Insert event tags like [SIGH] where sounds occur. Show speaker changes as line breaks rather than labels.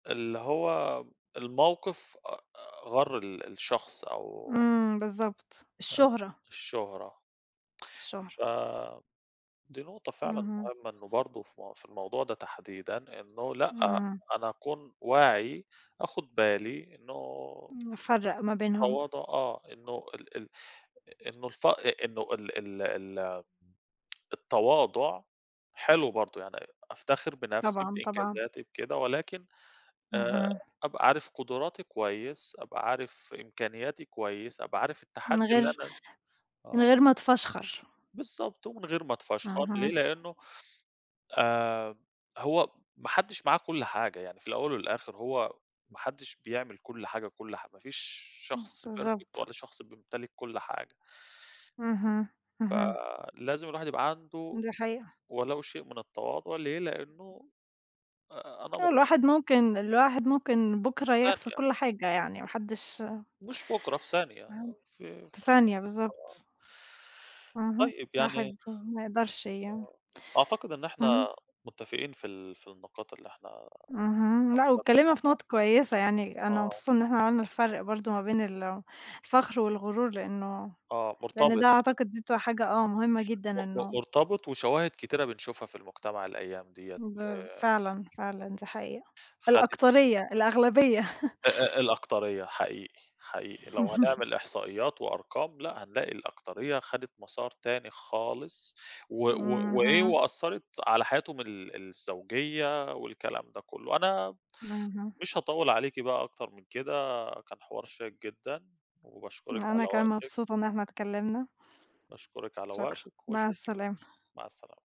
اللي هو م الموقف أ أ غَر ال الشخص أو
إمم، بالضبط،
أ
الشُّهرة.
الشُّهرة. ف
الشُّهرة.
دي نقطة فعلًا
اهم.
مهمّة إنه برضه في مو في الموضوع ده تحديدًا إنه لأ،
إمم.
أنا أكون واعي، آخُد بالي إنه
نفرّق ما بينهم.
التواضع آه، إنه ال ال إنه الفأ أ إنّه ال ال ال [TSK] التواضع حلو برضه، يعني أفتخر بنَفْسي،
طبعًا، طبعًا.
بإنجازاتي، بكده ولكن آآ،
اهم
أبقى عارف قُدراتي كويس، أبقى عارف إمكانياتي كويس، أبقى عارف التحدي
من
اللي
غير
أنا
من
آه.
غير ما اتفشخر.
بالضبط، ومن غير ما اتفشخر ليه،
اهم.
لإنّه آمم، هو م ما حدّش معاه كل حاجة، يعني في الأول والآخِر هو ما حدّش بيعمل كل حاجة، كل حا ما فيش
آه،
شخص perfect
بالضبط.
ولا شخص بيمتلك كل حاجة.
اهم، اهم.
فلازم الواحد يبقى عنده
دي حقيقة.
ولو شيء من التواضع، ليه؟ لإنّه أ أ أنا مقتن
الواحد ممكن الواحد ممكن
في
بُكرة يخسَر
ثانية.
كل حاجة يعني، ما حدّش
مش بكرة، في ثانية،
ما
آه،
حدّ
في ف
في ثانية،
آه.
بالضبط. اهم،
طيب يعني
الواحد ما يقدَرش يع
آه، أعتقد إن
إمم.
إحنا متّفقين في ال في النقاط اللي إحنا
اهم، لأ
عبّرنا
واتكلّمنا
عن
في
رأي
نُقَط كويسة يعني. أنا
آه.
مبسوطة إن إحنا عملنا الفرْق برضه ما بين الفخْر والغُرور لإنه
آه،
لإن
مرتبِط.
ده أعتقد دي بتبقى حاجة، آه مهمّة
ش م
جدًا
م
إنه
مرتبِط وشواهد كتيرة بنشوفها في المجتمَع الأيام دِيّة
باب
آآ
فعلًا، فعلًا دي حقيقة،
خدِت
الأكترية، الأغلبية. [CHUCKLES]
أ أ الأكترية حقيقي، حقيقي، لو
[CHUCKLES]
هنعمل إحصائيات وأرقام، لأ هنلاقي الأكترية خَدِت مسار تاني خالص، و و وإيه
اهم.
وأثّرِت على حياتهم ال الزوجية والكلام ده كلّه، أنا م
اهم.
مش هاطوّل عليكِ بقى أكتر من كده، كان حوار شيّق جدًا، وباشكرِك على
أنا كمان
وقتِك.
مبسوطة إن إحنا اتكلّمنا.
باشكرِك على
شكرًا،
وقتِك
مع
وأشوفِك [UNINTELLIGIBLE]
السلامة.
مع السلامة.